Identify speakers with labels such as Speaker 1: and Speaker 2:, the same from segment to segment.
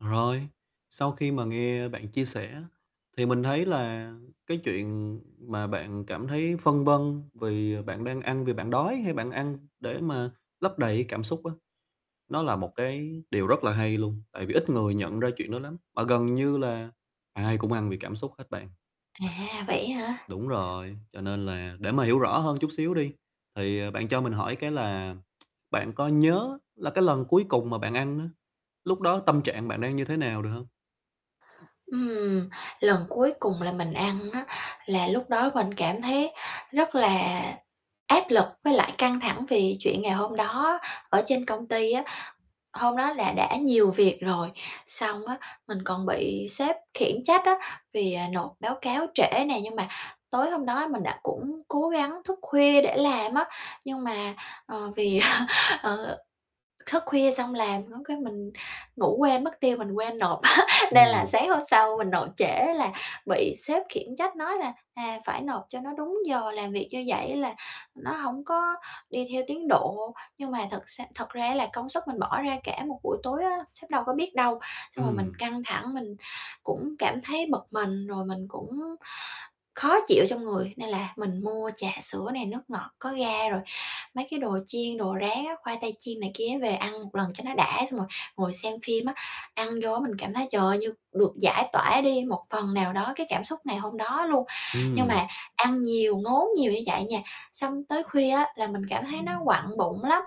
Speaker 1: Rồi, sau khi mà nghe bạn chia sẻ thì mình thấy là cái chuyện mà bạn cảm thấy phân vân vì bạn đang ăn vì bạn đói hay bạn ăn để mà lấp đầy cái cảm xúc á, nó là một cái điều rất là hay luôn, tại vì ít người nhận ra chuyện đó lắm, mà gần như là ai cũng ăn vì cảm xúc hết bạn.
Speaker 2: À, vậy á hả?
Speaker 1: Đúng rồi, cho nên là, để mà hiểu rõ hơn chút xíu đi thì, à, bạn cho mình hỏi cái là bạn có nhớ là cái lần cuối cùng mà bạn ăn á, lúc đó tâm trạng bạn đang như thế nào được hông?
Speaker 2: Ừm, lần cuối cùng là mình ăn á là lúc đó mình cảm thấy rất là áp lực với lại căng thẳng vì chuyện ngày hôm đó ở trên công ty á. Hôm đó là đã nhiều việc rồi xong á, mình còn bị sếp khiển trách á, vì, à, nộp báo cáo trễ nè, nhưng mà tối hôm đó mình đã cũng cố gắng thức khuya để làm á nhưng mà, ờ, vì ờ, thức khuya xong làm có cái mình ngủ quên mất tiêu, mình quên nộp á nên là
Speaker 1: Ừm.
Speaker 2: sáng hôm sau mình nộp trễ là bị sếp khiển trách nói là "À, phải nộp cho nó đúng giờ, làm việc như vậy á là nó hổng có đi theo tiến độ." Nhưng mà thật sa thật ra á là công sức mình bỏ ra cả một buổi tối á, sếp đâu có biết đâu, xong rồi mình
Speaker 1: Ừm.
Speaker 2: căng thẳng mình cũng cảm thấy bực mình, rồi mình cũng khó chịu trong người, nên là mình mua trà sữa này, nước ngọt có ga rồi mấy cái đồ chiên, đồ rán á, khoai tây chiên này kia á về ăn một lần cho nó đã, xong rồi ngồi xem phim á, ăn vô á, mình cảm thấy trời ơi, như được giải tỏa đi một phần nào đó cái cảm xúc ngày hôm đó luôn. Nhưng
Speaker 1: Ừm.
Speaker 2: mà ăn nhiều, ngốn nhiều như vậy nha, xong tới khuya á là mình cảm thấy nó quặn bụng lắm,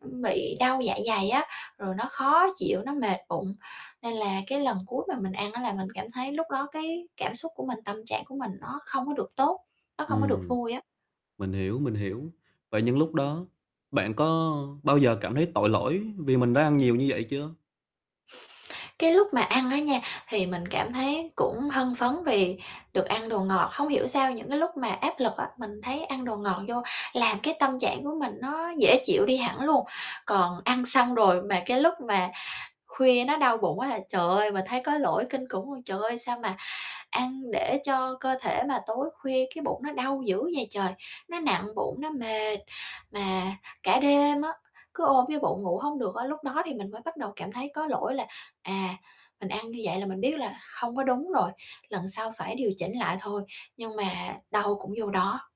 Speaker 2: ừm, bị đau dạ dày á, rồi nó khó chịu, nó mệt bụng. Nên là cái lần cuối mà mình ăn á là mình cảm thấy lúc đó cái cảm xúc của mình, tâm trạng của mình nó không có được tốt, nó không có được
Speaker 1: Ừm.
Speaker 2: vui á.
Speaker 1: Mình hiểu, mình hiểu, và những lúc đó bạn có bao giờ cảm thấy tội lỗi vì mình đã ăn nhiều như vậy chưa?
Speaker 2: Cái lúc mà ăn á nha, thì mình cảm thấy cũng hưng phấn vì được ăn đồ ngọt. Không hiểu sao những cái lúc mà áp lực á, mình thấy ăn đồ ngọt vô làm cái tâm trạng của mình nó dễ chịu đi hẳn luôn, còn ăn xong rồi mà cái lúc mà khuya nó đau bụng quá là trời ơi, mình thấy có lỗi kinh khủng luôn, trời ơi, sao mà ăn để cho cơ thể mà tối khuya cái bụng nó đau dữ vậy trời. Nó nặng bụng, nó mệt, mà cả đêm á, cứ ôm cái bụng ngủ hông được á, lúc đó thì mình mới bắt đầu cảm thấy có lỗi là "À, mình ăn như vậy là mình biết là không có đúng rồi, lần sau phải điều chỉnh lại thôi," nhưng mà đâu cũng vô đó.